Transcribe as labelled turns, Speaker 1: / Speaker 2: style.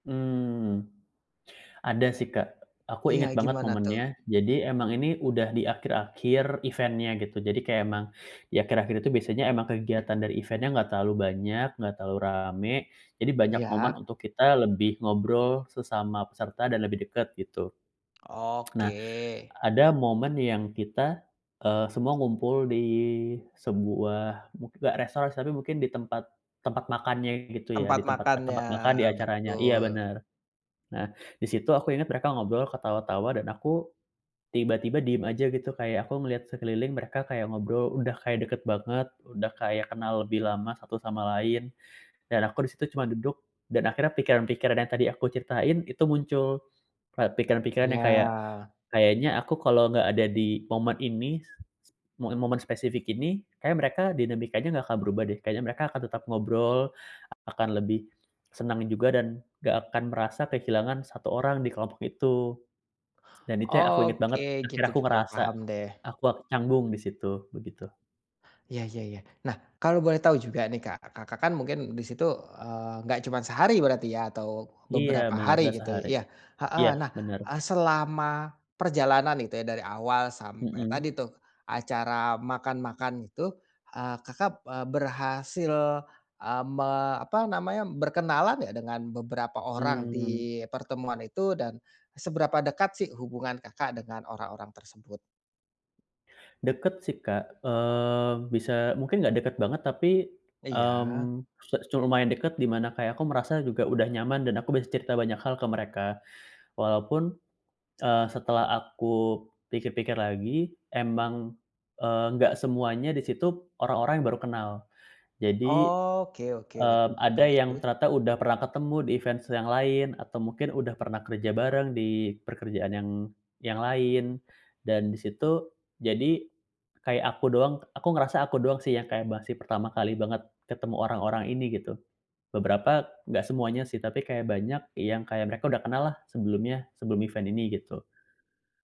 Speaker 1: Mmm, ada sih Kak, aku
Speaker 2: Iya,
Speaker 1: ingat banget
Speaker 2: gimana tuh?
Speaker 1: momennya. Jadi, emang ini udah di akhir-akhir event-nya gitu, jadi kaya emang, di akhir-akhir itu biasanya emang kegiatan dari event-nya nggak terlalu banyak, nggak terlalu rame, jadi
Speaker 2: E
Speaker 1: banyak momen
Speaker 2: iya?
Speaker 1: untuk kita lebih ngobrol sesama peserta dan lebih dekat, gitu.
Speaker 2: Oke.
Speaker 1: Nah, ada momen yang kita, eee, semua ngumpul di sebuah mu nggak restoran sih, tapi mungkin di tempat tempat makannya gitu ya, di
Speaker 2: Tempat
Speaker 1: tempat
Speaker 2: makannya,
Speaker 1: tempat makan di acaranya iya,
Speaker 2: betul.
Speaker 1: benar. Nah, di situ aku ingat mereka ngobrol, ketawa-tawa dan aku, tiba-tiba diam aja gitu, kayak aku ngeliat sekeliling mereka kayak ngobrol udah kayak dekat banget, udah kayak kenal lebih lama satu sama lain. Dan aku di situ cuma duduk, dan akhirnya pikiran-pikiran yang tadi aku ceritain, itu muncul. Kayak pikiran-pikiran yang kayak,
Speaker 2: Iya.
Speaker 1: "Kayaknya aku kalo nggak ada di momen ini, s s mo momen spesifik ini, kayaknya mereka dinamikanya gak akan berubah deh, kayaknya mereka akan tetap ngobrol, ak akan lebih, senang juga dan, nggak akan merasa kehilangan 1 orang di kelompok itu." Dan itu yang aku ingat banget,
Speaker 2: Oke, gitu
Speaker 1: akhirnya aku
Speaker 2: gitu,
Speaker 1: ngerasa,
Speaker 2: paham deh.
Speaker 1: aku ak canggung di situ, begitu.
Speaker 2: Iya iya iya. Nah, kalau boleh tahu juga nih Kak, Kakak kan mungkin di situ, eee, enggak cuman sehari berarti ya, atau,
Speaker 1: Iya,
Speaker 2: beberapa
Speaker 1: benar
Speaker 2: hari
Speaker 1: nggak
Speaker 2: gitu i
Speaker 1: sehari.
Speaker 2: iya, heeh.
Speaker 1: Iya,
Speaker 2: Nah,
Speaker 1: benar.
Speaker 2: eee, selama, perjalanan itu ya, dari awal sampai
Speaker 1: Mhm.
Speaker 2: tadi tuh, acara makan-makan itu, eee, kakap, eee, berhasil, eee, me apa namanya, berkenalan nggak dengan beberapa orang
Speaker 1: Mmm.
Speaker 2: di pertemuan itu dan seberapa dekat sih hubungan Kakak dengan orang-orang tersebut?
Speaker 1: Dekat sih Kak, eee, bisa mungkin nggak dekat banget tapi,
Speaker 2: Iya.
Speaker 1: mmm, su cu lumayan dekat di mana kayak aku merasa juga udah nyaman dan aku bisa cerita banyak hal ke mereka. Walaupun, eee, setelah aku pikir-pikir lagi, emang, eee, nggak semuanya di situ, orang-orang yang baru kenal. Jadi,
Speaker 2: Oke oke,
Speaker 1: eee,
Speaker 2: betul juga
Speaker 1: ada yang
Speaker 2: sih.
Speaker 1: ternyata udah pernah ketemu di event se yang lain, atau mungkin udah pernah kerja bareng di pekerjaan yang yang lain. Dan di situ, jadi, kayak aku doang k aku ngerasa aku doang sih yang kayak masih pertama kali banget ketemu orang-orang ini, gitu. Beberapa, nggak semuanya sih, tapi kayak banyak yang kayak mereka udah kenal lah sebelumnya, sebelum event ini gitu.